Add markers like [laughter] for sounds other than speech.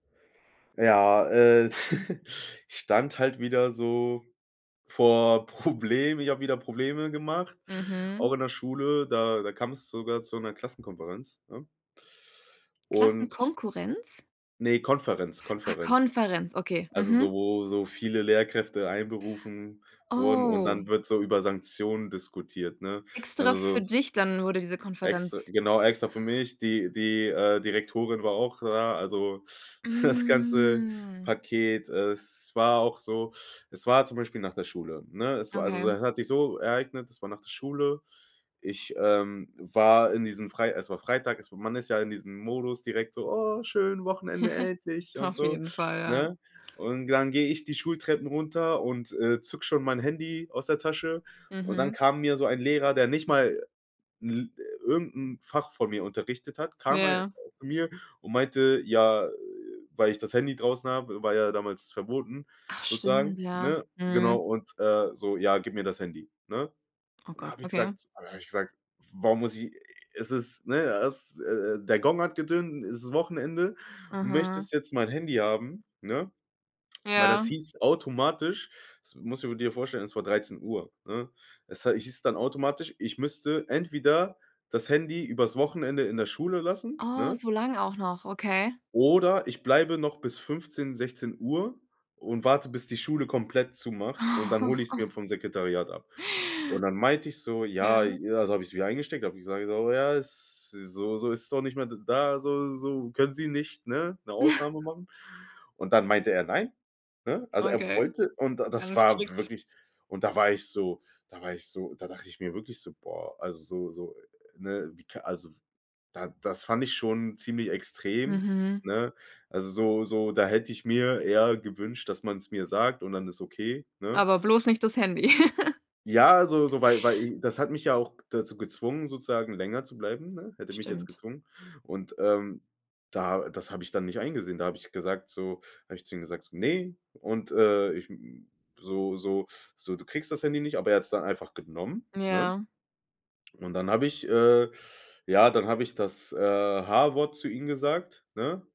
Ja, äh, [giggles] ich stand halt wieder so vor Problemen, ich habe wieder Probleme gemacht, auch Mhm. in der Schule, da da kam es sogar zu 'ner Klassenkonferenz, ne? und Klassenkonkurrenz? ne, Konferenz Ah, Konferenz, Konferenz, okay, also so, mhm. wo so viele Lehrkräfte einberufen wurden, und Oh. dann wird so über Sanktionen diskutiert, ne? Extra Also so für dich dann wurde diese Extra Konferenz genau, extra für mich. Die die, äh, Direktorin war auch da, also das ganze Mhm. Paket. Es war auch so es war, zum Beispiel, nach der Schule, ne? Es war also Okay. es hat sich so ereignet es war nach der Schule. Ich, ähm, war in diesem frei es war Freitag es war man ist ja in diesem Modus direkt so: „Oh, schön, Wochenende, [giggles] endlich“ und Auf so, jeden Fall, ja. ne? Und dann gehe ich die Schultreppen runter und, äh, zucke schon mein Handy aus der Tasche. Und dann Mhm. kam mir so ein Lehrer, der nicht mal 'n irgend 'n Fach von mir unterrichtet hat, kam einfach Ja. zu mir und meinte, ja, weil ich das Handy draußen habe war ja damals verboten, Ach, sozusagen, stimmt, ja. ne? Genau. Mhm. Und, äh, so: „Ja, gib mir das Handy“, ne? Oh Und da Gott, habe ich okay. gesagt da habe ich gesagt: „Warum muss ich es ist ne, er ist äh, der Gong hat getönt, es ist Wochenende. Du Mhm. möchtest jetzt mein Handy haben“, ne? Weil das Ja. hieß automatisch das musst du dir vorstellen, es war 13 Uhr, ne? Es hei hieß dann automatisch, ich müsste entweder das Handy übers Wochenende in der Schule lassen, Oh, ne? so lang auch noch, okay. oder ich bleibe noch bis 15, 16 Uhr und warte, bis die Schule komplett zumacht und dann hole ich's mir [giggles] vom Sekretariat ab. Und dann meinte ich so, ja, Ja. also habe ich's wieder eingesteckt, hab ich gesagt, so: „Ja, es so so, ist doch nicht mehr da so so, können Sie nicht ne, 'ne [giggles] Ausnahme machen?“ Und dann meinte er: „Nein“, ne? Also er Okay. wollte und Ja, das das ist war strikt. wirklich und da war ich so da war ich so da dachte ich mir wirklich so, boah, also so so, ne, wie kann also das fand ich schon ziemlich extrem, Mhm. ne? Also, so so da hätte ich mir eher gewünscht, dass man es mir sagt und dann ist es okay, ne? Aber bloß nicht das Handy. [giggles] Ja, so so, weil weil das hat mich ja auch dazu gezwungen, sozusagen länger zu bleiben, ne? Hätte mich jetzt Stimmt. gezwungen. Und, ähm, da das habe ich dann nicht eingesehen. Da habe ich gesagt so, habe ich zu ihm gesagt: „Ne“. Und, äh, ich, m so so so: „Du kriegst das Handy nicht“, aber er hat's dann einfach genommen, ne? Ja. Und dann habe ich, äh, ja, dann hab ich das, äh, H-Wort zu ihm gesagt, ne?